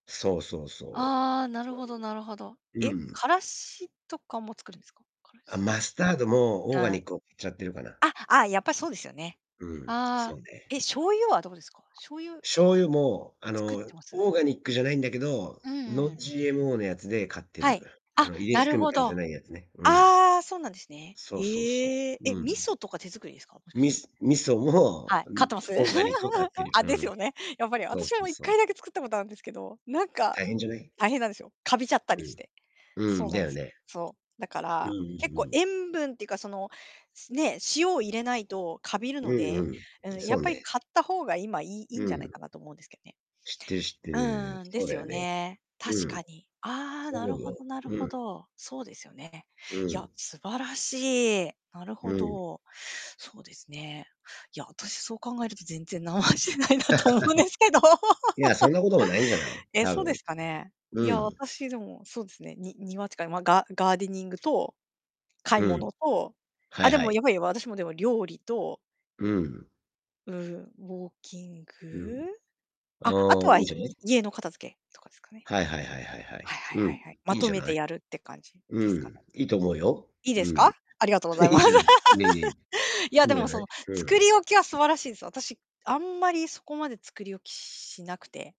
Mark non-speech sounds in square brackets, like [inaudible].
そうそうそああ、う。なるそほどなるほど。うなれば、うえ、ん。辛子とかも作るんですか？辛あ、子マスタードもオーガああ。ニックを買っちゃってるかな。あ、ああ、やっぱしそうですよね。うん、あそあ、うね。え、醤油はどうですか？醤油醤油も、あ作っての、ます？オーガニックじゃないんだけど、うんうんうん。Non-GMO のやつで買ってはい。る、ああ、の遺伝な子る組みほ換えど。じゃあないやつね。うん。あ、そうなんですね。そうそうそへえ。う。え、味うん。噌とか手作りですか？もしかしみて。す味噌も、はい、買っん、てます？オーガニックを買って [chuckles] る。あ、でうすん。よね、やっぱりそう私そはも、ういっそかう。いだけ作ったことあんですけど、なんか、あ、大変じゃない？大変なんですよ。カビちゃったうりしん。て。うそん、うなだんでよす。ね。そう、だかうんうら、ん結構うん。塩分っていうかその、すね、塩を入れないとカビるうのんうで、ん、んん、やそっうぱりね。買った方が今いいいいんうじゃないん。かなと思うんですけどね。知ってる知ってうる。ーん、でそうすだよよね。ね。う確ん。かに。ああ、そうな思るうほよ。どなるうほん。ど。そうですよね。ういや、ん。素晴らしい。なるうほん。ど。そうですね。いや、私そう考えると全然何もしてないなと思うんですけど。[laughs] いや、そん [laughs] なこともないんじゃない？え、多そうで分。すかね。いうや、ん。私でも、そうですね、に庭っていうか、ま、ガガーデニングと。買いうん。物と。はあ、いではもい。やっぱり私もでも料理と。うん。うん、ウォーキンうん。グ。あ、ああとあ、いはいんいじゃない？家の片付けとかですかね。はいはいはいはいははい。いはいうん。はいはい。いまいんとじゃめなてい。やるって感じでうすかね。ん。いいと思うよ。いいでうすか？ん。ありがとうござい [chuckles] いいまんす。じゃない、ネギ。[laughs] いや、いんでじゃも、そない。のふ作ん。り置きは素晴らしいです。私あんまりそこまで作り置きしなくて。